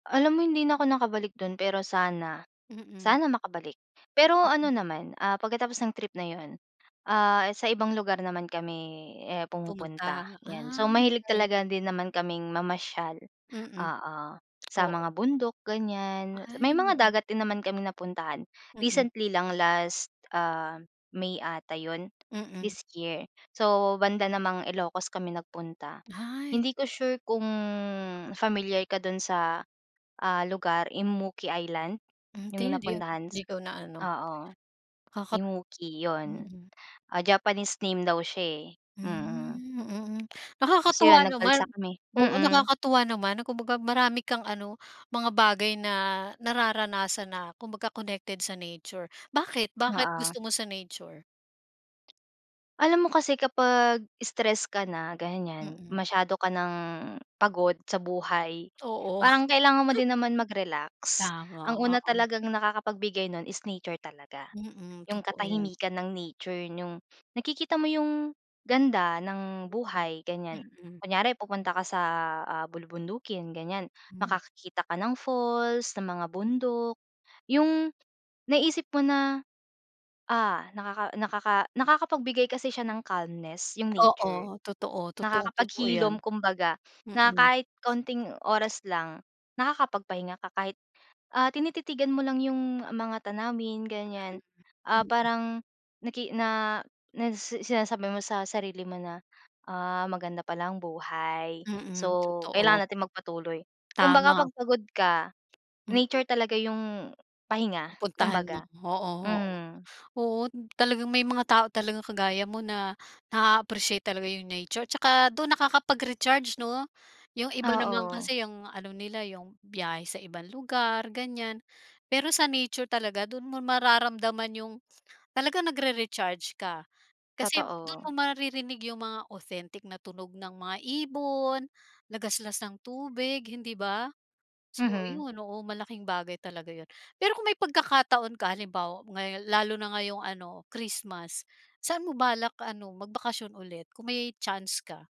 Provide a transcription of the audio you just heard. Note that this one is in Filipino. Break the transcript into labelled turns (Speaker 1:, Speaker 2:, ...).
Speaker 1: Alam mo hindi na ako nakabalik dun pero sana
Speaker 2: Mm.
Speaker 1: sana makabalik. Pero ano naman, ah, pagkatapos ng trip na yun ah, sa ibang lugar naman kami eh, pumupunta,
Speaker 2: Pumunta?
Speaker 1: yan.
Speaker 2: Ah,
Speaker 1: So mahilig
Speaker 2: okey.
Speaker 1: talaga din naman kaming mamasyal,
Speaker 2: Mm,
Speaker 1: oo, sa
Speaker 2: oo.
Speaker 1: mga bundok ganyan, may
Speaker 2: Ay,
Speaker 1: mga
Speaker 2: oo.
Speaker 1: dagat din naman kaming napuntahan.
Speaker 2: Mm.
Speaker 1: Recently lang last ah, May ata yun,
Speaker 2: Mm.
Speaker 1: this year. So banda namang Ilocos kami nagpunta.
Speaker 2: Ay.
Speaker 1: Hindi ko sure kung familiar ka dun sa, ah, lugar, Immuki Island?
Speaker 2: Hindi
Speaker 1: Yung
Speaker 2: di
Speaker 1: napuntahan,
Speaker 2: di
Speaker 1: s
Speaker 2: ko na-ano,
Speaker 1: oo.
Speaker 2: nakaka
Speaker 1: Immuki, yun.
Speaker 2: mm.
Speaker 1: Ah, Japanese name daw siya eh. Mm.
Speaker 2: Hmm, mm.
Speaker 1: So
Speaker 2: Nakakatuwa
Speaker 1: yun
Speaker 2: naman
Speaker 1: nag-balsa kami,
Speaker 2: oo
Speaker 1: mm.
Speaker 2: nakakatuwa naman na kumbaga marami kang ano, mga bagay na nararanasan na kumbaga connected sa nature, bakit bakit
Speaker 1: Oo.
Speaker 2: gusto mo sa nature?
Speaker 1: Alam mo kasi kapag stress ka na ganyan,
Speaker 2: Mm.
Speaker 1: masyado ka ng pagod sa buhay.
Speaker 2: Oo.
Speaker 1: Parang kailangan mo din naman mag-relax. Ang
Speaker 2: Tama,
Speaker 1: una
Speaker 2: oo.
Speaker 1: talagang nakakapag-bigay nun is nature talaga,
Speaker 2: Mm,
Speaker 1: yung
Speaker 2: totoo yan.
Speaker 1: katahimikan ng nature, yung nakikita mo yung ganda ng
Speaker 2: Mm,
Speaker 1: buhay, ganyan.
Speaker 2: mm.
Speaker 1: Kunyari pupunta ka sa, ah, bulubundukin, ganyan,
Speaker 2: Hmm.
Speaker 1: makakakita ka ng falls, ng mga bundok. Yung naisip mo na, ah, nakaka nakakapag-bigay kasi siya ng calmness yung
Speaker 2: Oo,
Speaker 1: nature,
Speaker 2: totoo. Totoong-totoo yan.
Speaker 1: nakakapag-hilom kumbaga na
Speaker 2: Mm.
Speaker 1: kahit kaunting oras lang, nakakapagpahinga ka kahit ah, tinititigan mo lang yung mga tanawin ganyan.
Speaker 2: [unintelligible]
Speaker 1: Ah,
Speaker 2: Mm.
Speaker 1: parang naki na na sinasabi mo sa sarili mo na ah, maganda pala ang buhay.
Speaker 2: Mm,
Speaker 1: So
Speaker 2: totoo.
Speaker 1: kailangan natin magpatuloy. Kumbaga
Speaker 2: Tama.
Speaker 1: pag pagod ka,
Speaker 2: Mm.
Speaker 1: nature talaga yung pahinga,
Speaker 2: Pupuntahan mo,
Speaker 1: kumbaga.
Speaker 2: oo oo.
Speaker 1: Mm.
Speaker 2: Oo, talagang may mga tao talagang kagaya mo na na-aappreciate talaga yung nature saka dun nakakapag-recharge no? Yung iba naman
Speaker 1: Oo.
Speaker 2: kasi yung ano nila yung, biyahe sa ibang lugar ganyan. Pero sa nature talaga dun mo mararamdaman yung talagang nagrere-charge ka. Kasi dun
Speaker 1: Totoo.
Speaker 2: mo maririnig yung mga authentic na tunog ng mga ibon, lagaslas ng tubig, hindi ba? So
Speaker 1: Mhm.
Speaker 2: ayun, oo malaking bagay talaga yun. Pero kung may pagkakataon ka halimbawa ngayon lalo na ngayong ano Christmas, saan mo balak ano, magbakasyon ulit kung may chance ka?